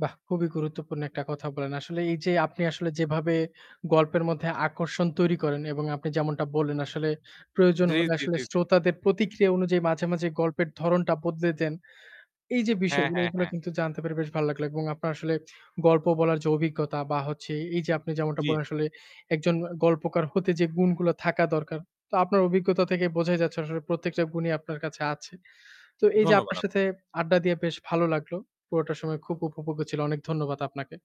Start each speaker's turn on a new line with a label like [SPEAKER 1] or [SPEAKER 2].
[SPEAKER 1] বাহ! খুবই গুরুত্বপূর্ণ একটা কথা বলেন। আসলে এই যে আপনি আসলে যেভাবে গল্পের মধ্যে আকর্ষণ তৈরি করেন এবং আপনি যেমনটা বললেন, আসলে প্রয়োজন
[SPEAKER 2] জি,
[SPEAKER 1] হলে
[SPEAKER 2] জি,
[SPEAKER 1] আসলে
[SPEAKER 2] জি, জি।
[SPEAKER 1] শ্রোতাদের প্রতিক্রিয়া অনুযায়ী মাঝে, মাঝে গল্পের ধরনটা বদলে দেন। এই যে
[SPEAKER 2] হ্যাঁ,
[SPEAKER 1] বিষয়গুলো
[SPEAKER 2] হ্যাঁ,
[SPEAKER 1] এগুলো
[SPEAKER 2] হ্যাঁ।
[SPEAKER 1] কিন্তু জানতে পেরে বেশ ভাল লাগলো এবং আপনার আসলে গল্প বলার যে অভিজ্ঞতা বা হচ্ছে এই যে আপনি যেমনটা
[SPEAKER 2] জি, জি।
[SPEAKER 1] বলেন, আসলে একজন গল্পকার হতে যে গুণগুলো থাকা দরকার, তো আপনার অভিজ্ঞতা থেকে বোঝাই যাচ্ছে আসলে প্রত্যেকটা গুণই আপনার কাছে আছে। তো এই যে
[SPEAKER 2] ধন্যবাদ
[SPEAKER 1] আপনার
[SPEAKER 2] আপ
[SPEAKER 1] সাথে আড্ডা দিয়ে বেশ ভালো লাগলো। পুরোটা সময় খুব উপভোগ্য ছিল। অনেক ধন্যবাদ আপনাকে।